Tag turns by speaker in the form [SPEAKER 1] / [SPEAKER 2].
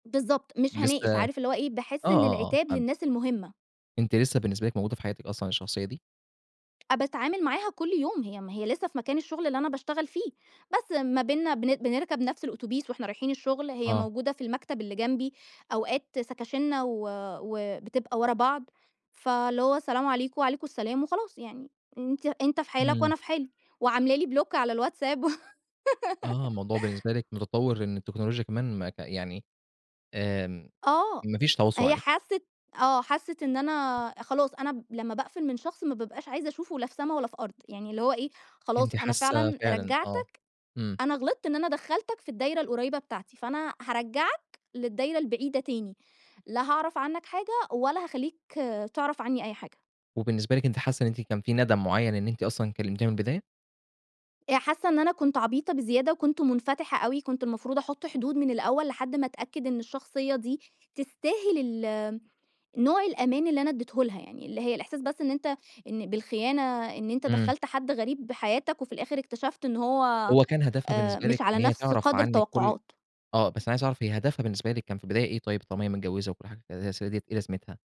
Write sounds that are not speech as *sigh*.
[SPEAKER 1] بالضبط، مش هاناقش،
[SPEAKER 2] لسه
[SPEAKER 1] عارف اللي هو إيه
[SPEAKER 2] آه،
[SPEAKER 1] باحس إن
[SPEAKER 2] آه، آه.
[SPEAKER 1] العتاب
[SPEAKER 2] *unintelligible*
[SPEAKER 1] للناس المهمة.
[SPEAKER 2] أنتِ لسه بالنسبة لِك موجودة في حياتِك أصلًا الشخصية دي؟
[SPEAKER 1] أ باتعمل معاها كل يوم هي م هي لسه في مكان الشغل اللي أنا باشتغل فيه، بس ما بيننا بن بنركب نفس الأوتوبيس وإحنا رايحين الشغل، هي
[SPEAKER 2] آه.
[SPEAKER 1] موجودة في المكتب اللي جنبي، أوقات سكاشننا و وبتبقى ورا بعض، فاللي هو السلام عليكم، وعليكم السلام وخلاص يعني أنتِ أنت في حالك
[SPEAKER 2] إمم.
[SPEAKER 1] وأنا في حالي، وعاملة لي بلوك على الWhatsApp
[SPEAKER 2] آه
[SPEAKER 1] *laughs*
[SPEAKER 2] الموضوع بالنسبة لِك متطور إن التكنولوجيا كمان ما ك يعني آمم،
[SPEAKER 1] آه،
[SPEAKER 2] ما فيش تواصل
[SPEAKER 1] هي
[SPEAKER 2] عليها.
[SPEAKER 1] حست آه حست إن أنا خلاص أنا ب لمّا باقفل من شخص ما بابقاش عايزة أشوفه لا في سما ولا في أرض، يعني اللي هو إيه خلاص
[SPEAKER 2] أنتِ
[SPEAKER 1] أنا
[SPEAKER 2] حاسة
[SPEAKER 1] فعلًا
[SPEAKER 2] فعلًا آه،
[SPEAKER 1] رجعتك،
[SPEAKER 2] إمم.
[SPEAKER 1] أنا غلطت إن أنا دخّلتك في الدايرة القريبة بتاعتي، فأنا هارجعك للدايرة البعيدة تاني، لا هاعرف عنك حاجة ولا هاخلّيك تعرف عني أي حاجة.
[SPEAKER 2] وبالنسبة لِك أنتِ حاسة إن أنتِ كان في ندم معيّن إن أنتِ أصلًا كلمتيها من البداية؟
[SPEAKER 1] آآ حاسة إن أنا كنت عبيطة بزيادة وكنت منفتحة أوي كنت المفروض أحط حدود من الأول، لحد ما أتأكد إن الشخصية دي تستاهل ال نوع الأمان اللي أنا اديته لها يعني اللي هي الإحساس بس إن أنت إن بالخيانة إن أنت
[SPEAKER 2] إمم.
[SPEAKER 1] دخّلت حد غريب حياتك وفي الآخر اكتشفت إن هو
[SPEAKER 2] هو كان هدفها
[SPEAKER 1] آآ
[SPEAKER 2] بالنسبة لِك
[SPEAKER 1] مش على
[SPEAKER 2] إن هي
[SPEAKER 1] نَفس
[SPEAKER 2] تِعرف
[SPEAKER 1] قدر
[SPEAKER 2] عنِك كل
[SPEAKER 1] التوقعات.
[SPEAKER 2] آه بس أنا عايز أعرف هي هدفها بالنسبة لِك كان في البداية إيه طيب طالما هي متجوزة وكل حاجة *unintelligible* إيه لازمتها؟